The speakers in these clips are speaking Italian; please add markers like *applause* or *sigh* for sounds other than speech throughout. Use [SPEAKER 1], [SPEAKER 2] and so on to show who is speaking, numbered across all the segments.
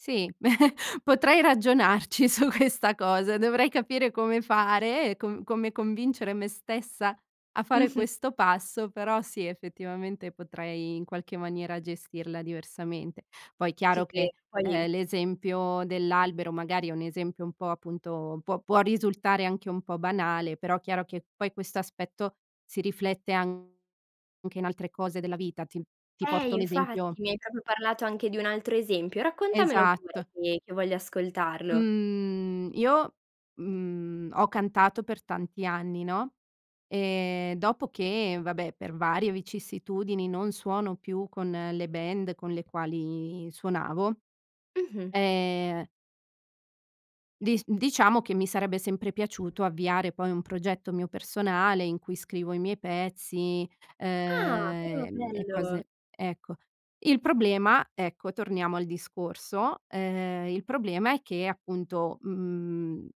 [SPEAKER 1] Sì, *chuckles* potrei ragionarci su questa cosa, dovrei capire come fare, e com come convincere me stessa a fare
[SPEAKER 2] Mh-mh.
[SPEAKER 1] questo passo, però sì, effettivamente potrei, in qualche maniera, gestirla diversamente. Poi,
[SPEAKER 2] Ci
[SPEAKER 1] chiaro che,
[SPEAKER 2] credo,
[SPEAKER 1] ehm,
[SPEAKER 2] poi
[SPEAKER 1] l'esempio dell'albero magari è un esempio un po', appunto, può può risultare anche un po' banale, però chiaro che poi questo aspetto si riflette anche in altre cose della vita. Ti ti
[SPEAKER 2] Eh,
[SPEAKER 1] porto un esempio
[SPEAKER 2] infatti, mi hai proprio parlato anche di un altro esempio, raccontamelo pure
[SPEAKER 1] Esatt
[SPEAKER 2] che che voglio ascoltarlo.
[SPEAKER 1] Mhmm, io, mhmm, ho cantato per tanti anni, no, e dopo che, vabbè per varie vicissitudini, non suono più con le band con le quali suonavo,
[SPEAKER 2] Mh-mh.
[SPEAKER 1] ehm dis diciamo che mi sarebbe sempre piaciuto avviare poi un progetto mio personale, in cui scrivo i miei pezzi, uhm,
[SPEAKER 2] Ah però,
[SPEAKER 1] e
[SPEAKER 2] bello!
[SPEAKER 1] cose ecco. Il problema ecco, torniamo al discorso, ehm, il problema è che, appunto, mhmm,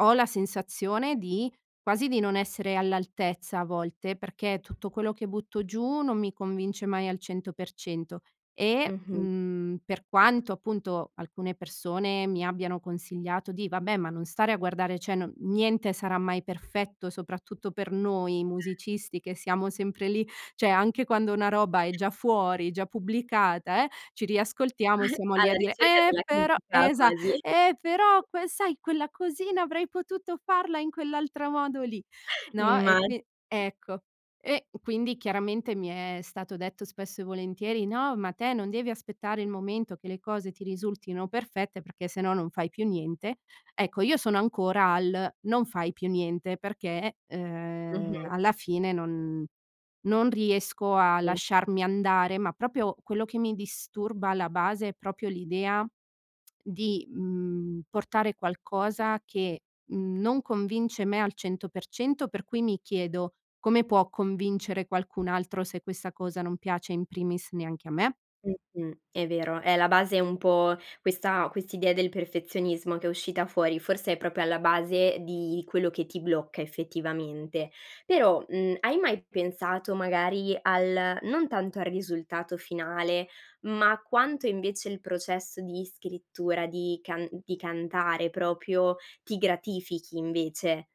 [SPEAKER 1] ho la sensazione di quasi di non essere all'altezza a volte, perché tutto quello che butto giù non mi convince mai al 100% e,
[SPEAKER 2] Mh-mh.
[SPEAKER 1] mhmm, per quanto, appunto, alcune persone mi abbiano consigliato di: "Vabbè, ma non stare a guardare, cioè no niente sarà mai perfetto". Soprattutto per noi
[SPEAKER 2] Eh.
[SPEAKER 1] musicisti, che siamo sempre lì, cioè anche quando una roba è già fuori, già pubblicata, eh, ci riascoltiamo e
[SPEAKER 2] *chuckles*
[SPEAKER 1] siamo lì a
[SPEAKER 2] Alla
[SPEAKER 1] dire:
[SPEAKER 2] ricerca
[SPEAKER 1] "Eh,
[SPEAKER 2] della
[SPEAKER 1] però". Eh,
[SPEAKER 2] critica
[SPEAKER 1] esa
[SPEAKER 2] quasi.
[SPEAKER 1] "Eh però
[SPEAKER 2] *chuckles*
[SPEAKER 1] que sai, quella cosina avrei potuto farla in quell'altro modo lì".
[SPEAKER 2] *chuckles*
[SPEAKER 1] No,
[SPEAKER 2] Imma
[SPEAKER 1] e qui ecco. E quindi chiaramente mi è stato detto spesso e volentieri: "No, ma te non devi aspettare il momento che le cose ti risultino perfette, perché se no non fai più niente". Ecco, io sono ancora al "non fai più niente". Perché, ehm,
[SPEAKER 2] Mh-mh.
[SPEAKER 1] alla fine non non riesco a
[SPEAKER 2] Sì.
[SPEAKER 1] lasciarmi andare, ma proprio quello che mi disturba, alla base, è proprio l'idea di, mhmm, portare qualcosa che non convince me al 100% per cui mi chiedo: "Come può convincere qualcun altro, se questa cosa non piace in primis neanche a me?".
[SPEAKER 2] Mh-mh, è vero, è la base un po' questa quest'idea del perfezionismo che è uscita fuori, forse è proprio alla base di quello che ti blocca, effettivamente. Però, mhmm, hai mai pensato magari al non tanto al risultato finale, ma quanto invece il processo di scrittura, di can di cantare proprio ti gratifichi, invece?